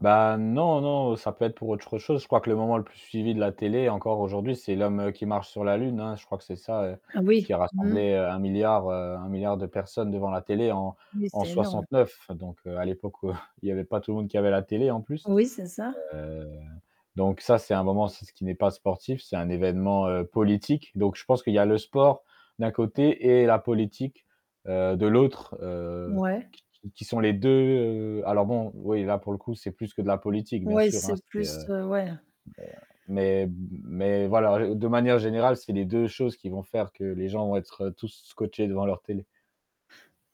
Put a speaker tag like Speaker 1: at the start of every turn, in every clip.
Speaker 1: Ben, non, non. Ça peut être pour autre chose quoi que le moment le plus suivi de la télé- encore aujourd'hui- c'est l'homme, heu, qui marche sur la lune, hein, je crois que c'est ça heu
Speaker 2: Ah oui,
Speaker 1: qui a
Speaker 2: mmh.
Speaker 1: rassemblé heu, 1 000 000 000, heu, 1 000 000 000 de personnes devant la télé en
Speaker 2: Oui,
Speaker 1: en
Speaker 2: c'est énorme.
Speaker 1: 69. Donc heu, à l'époque où il y avait pas tout le monde qui avait la télé, en plus
Speaker 2: Oui, c'est ça.
Speaker 1: heu, donc ça, c'est un moment aussi ce qui n'est pas sportif, c'est un évènement, heu, politique. Donc je pense qu'il y a le sport, d'un côté et la politique, heu, de l'autre, heu
Speaker 2: Ouais.
Speaker 1: qui qui qui sont les 2 heu alors bon, oui là pour le coup, c'est plus que de la politique bien
Speaker 2: Ouais,
Speaker 1: sûr hein,
Speaker 2: c'est
Speaker 1: c'est
Speaker 2: plus
Speaker 1: heu
Speaker 2: heu ouais.
Speaker 1: mais mais m mais voilà. Heu, de manière générale, c'est les 2 choses qui vont faire que les gens vont être tous, scotchés devant leur télé.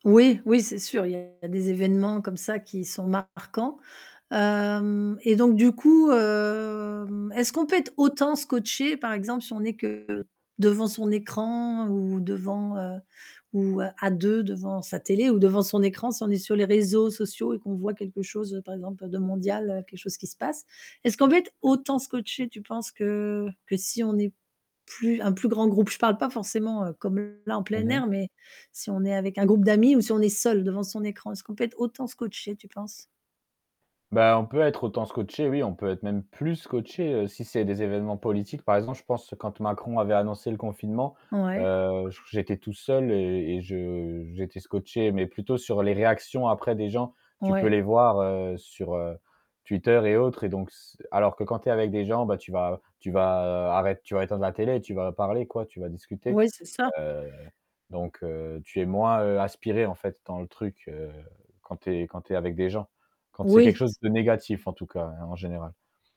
Speaker 2: Oui. Oui, c'est sûr, il y a des événements, comme ça, qui sont marquants. Hem, et donc du coup hem, est-ce qu'on peut être autant scotché, par exemple, si on est que devant son écran ou devant heu, ou, heu, à deux, devant sa télé ou devant son écran, si on est sur les réseaux, sociaux et qu'on voit quelque chose, heu, par exemple, de mondial, heu, quelque chose qui se passe? Est-ce qu'on peut être autant scotché, tu penses que que si on est plus un plus grand groupe. Je parle pas forcément, heu, comme là, en
Speaker 1: Mmh
Speaker 2: plein
Speaker 1: mh.
Speaker 2: air, mais si on est avec un groupe d'amis ou si on est seul, devant son écran, est-ce qu'on peut être autant scotché tu penses?
Speaker 1: Ben, on peut être autant scotché, oui, on peut être même, plus scotché heu, si c'est des évènements politiques. Par exemple, je pense, quand Macron avait annoncé le confinement,
Speaker 2: Ouais.
Speaker 1: heu, j j'étais tout seul et et je j'étais scotché mais plutôt sur les réactions, après des gens tu peux
Speaker 2: Ouais.
Speaker 1: les voir heu, sur heu, Twitter et autres et donc s alors que quand tu es avec des gens, bah tu vas tu vas arrête tu vas éteindre la télé, tu vas parler quoi, tu vas discuter
Speaker 2: Oui, c'est ça.
Speaker 1: heu, donc heu, tu es moins heu, aspiré en fait dans le truc, heu, quand tu es quand tu es avec des gens. Quand c'est quelque
Speaker 2: Oui,
Speaker 1: chose
Speaker 2: c
Speaker 1: de négatif, en tout cas hein, en général.